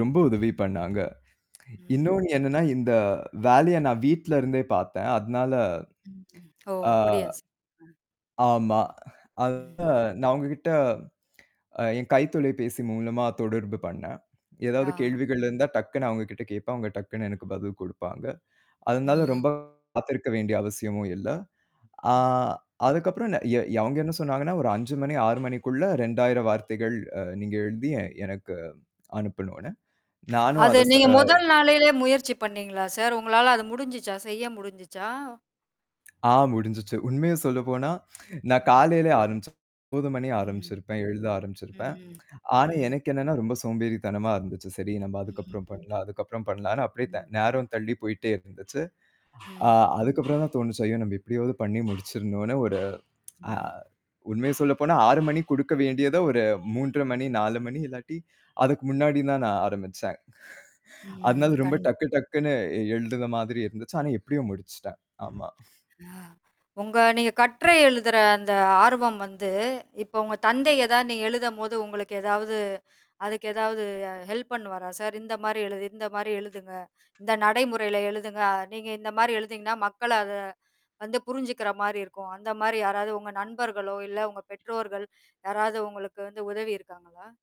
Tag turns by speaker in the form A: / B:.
A: ரொம்ப உதவி பண்ணாங்க.
B: ம்.
A: இன்னொன்னு என்னன்னா, இந்த வேலைய நான் வீட்லருந்தே பார்த்தேன். அதனால
B: ம். ஓ!
A: ஆ
B: அப்படியா சா
A: ஆமா.
B: அ.
A: அதுதான்
B: ம்ஹ்ம்.
A: நான் அவுங்ககிட்ட அ என் கைத்தொலைபேசி மூலமா தொடர்பு பண்னேன். ஏதாவது
B: ஆ.
A: கேள்விகள் இருந்தா டக்குனு அவங்ககிட்ட கேட்பேன். அவங்க டக்குன்னு எனக்கு பதில் குடுப்பாங்க. அதனால
B: ம்.
A: ரொம்ப காத்திருக்க வேண்டிய அவசியமும் இல்ல. ஆ
B: ம்.
A: அதுக்கப்பறம் நெ ய ய அவங்க என்ன சொன்னாங்கன்னா, ஒரு 5:00 மணி, 6:00 மணிக்குள்ள 2000 வார்த்தைகள் அ நீங்க எழுதி எ எனக்கு அனுப்பணும்ன்னு. நானும்
B: அது
A: அதச ஸ
B: நீங்க முதல் நாளிலே முயற்சி பண்ணீங்களா சார்? உங்களால அது முடிஞ்சுச்சா? செய்ய முடிஞ்சுச்சா?
A: ஆ முடுஞ்சுச்சு. உண்மையை சொல்லப்போனா, நான்
B: ஆமா.
A: காலையில ஆரம்பிச்சேன். 9:00 மணி
B: ம்.
A: ஆரம்பிச்சிருப்பேன் எழுத ஆரம்பிச்சிருப்பேன்.
B: ம்.
A: ஆனா
B: ம்.
A: எனக்கு என்னன்னா, ரொம்ப சோம்பேறித்தனமா இருந்துச்சு. சரி நம்ப அதுக்கப்பறம்
B: ம்ஹ்ம்.
A: பண்ணலாம் அதுக்கப்பறம் பண்ணலாம்ன்னு அப்படியே த
B: ம்.
A: நேரம் தள்ளி போய்ட்டே இருந்துச்சு. அ
B: ம்.
A: அதுக்கப்பறம் தான் தோணுச்சு, ஐயோ! நம்ப எப்படியாவது பண்ணி முடிச்சுரணும்னு ஒரு அ
B: ம்.
A: உண்மையை சொல்லப்போனா 6:00 மணிக்கு குடுக்க வேண்டியதை ஒரு 3:30, 4:00 இல்லாட்டி அதுக்கு முன்னாடி தான் நான் ஆரம்பிச்சேன்.
B: ம்.
A: அதனால ரொம்ப
B: கண்
A: டக்கு டக்குன்னு எழுதுற மாதிரி இருந்துச்சு. ஆனா எப்படியோ முடுச்சுட்டேன். ஆமா.
B: அ உங்க நீங்க கட்டுரை எழுதுற அந்த ஆர்வம் வந்து இப்ப உங்க தந்தை எதாவது நீங்க எழுதும்போது உங்களுக்கு ஏதாவது, அதுக்கு ஏதாவது அ ஹெல்ப் பண்ணுவாரா சார்? இந்த மாரி எழுது இந்த மாரி எழுதுங்க, இந்த நடைமுறையில எழுதுங்க. நீங்க இந்த மாரி எழுதினீங்கன்னா மக்கள அதை வந்து புரிஞ்சுக்கிற மாரி இருக்கும். அந்த மாரி யாராவது உங்க நண்பர்களோ, இல்ல உங்க பெற்றோர்கள், யாராவது உங்களுக்கு வந்து உதவி இருக்காங்களா?